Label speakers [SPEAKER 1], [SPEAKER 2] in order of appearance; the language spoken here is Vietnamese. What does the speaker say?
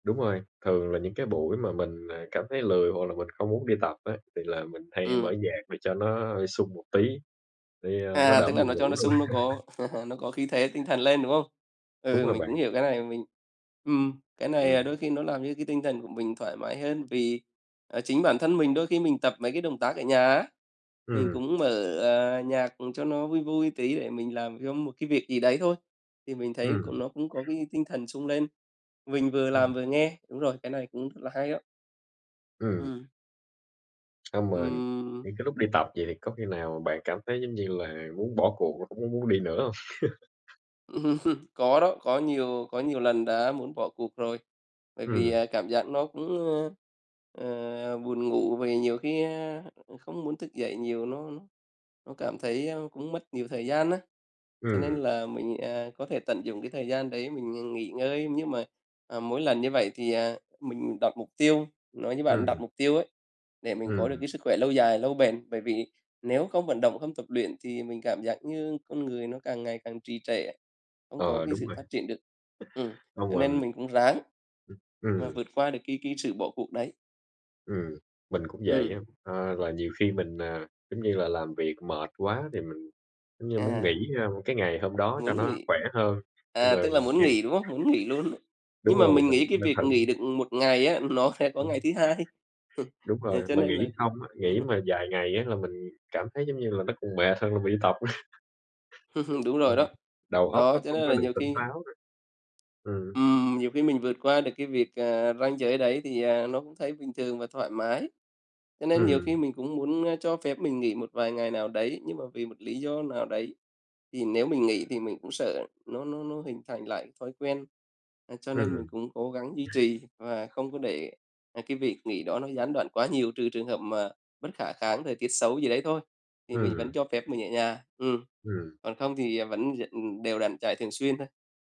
[SPEAKER 1] Đúng rồi, thường là những cái buổi mà mình, ờ, cảm thấy lười hoặc là mình không muốn đi tập á, thì là mình hay mở
[SPEAKER 2] Ừm.
[SPEAKER 1] nhạc để cho nó, ơ, sung một tí, để, ơ, nó
[SPEAKER 2] À,
[SPEAKER 1] đỡ
[SPEAKER 2] tức là
[SPEAKER 1] buồn
[SPEAKER 2] nó cho
[SPEAKER 1] ngủ
[SPEAKER 2] nó
[SPEAKER 1] luôn á.
[SPEAKER 2] sung nó có nó có khí thế tinh thần lên, đúng hông?
[SPEAKER 1] Đúng
[SPEAKER 2] Ừ,
[SPEAKER 1] rồi
[SPEAKER 2] mình
[SPEAKER 1] bạn!
[SPEAKER 2] cũng hiểu cái này, và mình ừm, cái này,
[SPEAKER 1] Ừm.
[SPEAKER 2] à, đôi khi nó làm cho cái tinh thần của mình thoải mái hơn. Vì, ờ, chính bản thân mình đôi khi mình tập mấy cái động tác ở nhà á, mình
[SPEAKER 1] Ừm.
[SPEAKER 2] cũng mở, ờ, nhạc, ừm, cho nó vui vui tí, để mình làm trong một cái việc gì đấy thôi. Thì mình thấy c
[SPEAKER 1] Ừm.
[SPEAKER 2] nó cũng có cái tinh thần sung lên, mình vừa làm
[SPEAKER 1] Ừm.
[SPEAKER 2] vừa nghe. Đúng rồi, cái này cũng rất là hay á.
[SPEAKER 1] Ừm.
[SPEAKER 2] Ừm.
[SPEAKER 1] Xong rồi
[SPEAKER 2] Ừm.
[SPEAKER 1] những cái lúc đi tập vậy thì có khi nào mà bạn cảm thấy, giống như là, muốn bỏ cuộc hông? Hổng có muốn đi nữa hông?
[SPEAKER 2] Có đó, có nhiều có nhiều lần đã muốn bỏ cuộc rồi. Bởi vì,
[SPEAKER 1] Ừm.
[SPEAKER 2] ờ, cảm giác nó cũng, ờ, ờ, buồn ngủ, vì nhiều khi, a, không muốn thức dậy nhiều nó nó cảm thấy, a, cũng mất nhiều thời gian á, cho nên
[SPEAKER 1] Ừm.
[SPEAKER 2] là mình, à, có thể tận dụng cái thời gian đấy mình, ừm, nghỉ ngơi. Nhưng mà, à, mỗi lần như vậy thì, à, mình đặt mục tiêu nói như bạn đặt
[SPEAKER 1] Ừm.
[SPEAKER 2] mục tiêu ấy để mình có được
[SPEAKER 1] Ừm.
[SPEAKER 2] cái sức khỏe lâu dài lâu bền, bởi vì nếu không vận động, không tập luyện thì mình cảm giác như con người nó càng ngày càng trì trệ á, không có
[SPEAKER 1] Ờ,
[SPEAKER 2] cái
[SPEAKER 1] đúng
[SPEAKER 2] sự
[SPEAKER 1] rồi!
[SPEAKER 2] phát triển được. Ừm,
[SPEAKER 1] Xong
[SPEAKER 2] cho nên
[SPEAKER 1] mình
[SPEAKER 2] mình cũng ráng
[SPEAKER 1] Ừm,
[SPEAKER 2] và
[SPEAKER 1] ừm.
[SPEAKER 2] vượt qua được cái cái sự bỏ cuộc đấy.
[SPEAKER 1] Ừm, mình cũng vậy á.
[SPEAKER 2] Ừm.
[SPEAKER 1] Ờ, là nhiều khi mình, à, giống như là làm việc mệt quá thì mình giống như muốn nghỉ,
[SPEAKER 2] À.
[SPEAKER 1] a, cái ngày hôm đó cho
[SPEAKER 2] Muốn
[SPEAKER 1] nó
[SPEAKER 2] nghỉ.
[SPEAKER 1] khỏe hơn, nhưng
[SPEAKER 2] À,
[SPEAKER 1] mà
[SPEAKER 2] tức là muốn
[SPEAKER 1] gầy
[SPEAKER 2] nghỉ, đúng hông? Muốn nghỉ luôn á.
[SPEAKER 1] Đúng
[SPEAKER 2] Nhưng mà
[SPEAKER 1] rồi,
[SPEAKER 2] mình
[SPEAKER 1] mình
[SPEAKER 2] nghĩ cái
[SPEAKER 1] mình
[SPEAKER 2] việc nghỉ
[SPEAKER 1] [unintelligible]
[SPEAKER 2] được, ừm, 1 ngày á nó sẽ có
[SPEAKER 1] Ừm.
[SPEAKER 2] ngày thứ hai.
[SPEAKER 1] Đúng
[SPEAKER 2] Ờ,
[SPEAKER 1] rồi!
[SPEAKER 2] cho
[SPEAKER 1] Mà
[SPEAKER 2] nên
[SPEAKER 1] nghỉ
[SPEAKER 2] là
[SPEAKER 1] xong á, nghỉ mà vài ngày á là mình cảm thấy giống như là nó còn mệt hơn là mình đi tập á.
[SPEAKER 2] Đúng
[SPEAKER 1] Ờ,
[SPEAKER 2] rồi đó.
[SPEAKER 1] đầu óc
[SPEAKER 2] Đó,
[SPEAKER 1] nó
[SPEAKER 2] cho
[SPEAKER 1] không
[SPEAKER 2] nên
[SPEAKER 1] có
[SPEAKER 2] là
[SPEAKER 1] được
[SPEAKER 2] nhiều
[SPEAKER 1] tỉnh
[SPEAKER 2] khi
[SPEAKER 1] táo nữa. Ừm.
[SPEAKER 2] Ừm, nhiều khi mình vượt qua được cái việc, à, ranh giới đấy thì, à, nó cũng thấy bình thường và thoải mái. Cho nên nhiều
[SPEAKER 1] Ừm.
[SPEAKER 2] khi mình cũng muốn, ơ, cho phép mình nghỉ một vài ngày nào đấy, nhưng mà vì một lý do nào đấy thì nếu mình nghỉ thì mình cũng sợ nó nó nó hình thành lại thói quen. À, cho nên mình
[SPEAKER 1] Ừm.
[SPEAKER 2] cũng cố gắng duy trì và không có để, à, cái việc nghỉ đó nó gián đoạn quá nhiều, trừ trường hợp mà bất khả kháng, thời tiết xấu gì đấy thôi, thì mình
[SPEAKER 1] Ừm.
[SPEAKER 2] vẫn cho phép mình ở nhà, ừm,
[SPEAKER 1] Ừm.
[SPEAKER 2] còn không thì, ờ, vẫn d ừm, đều đặn chạy thường xuyên ha.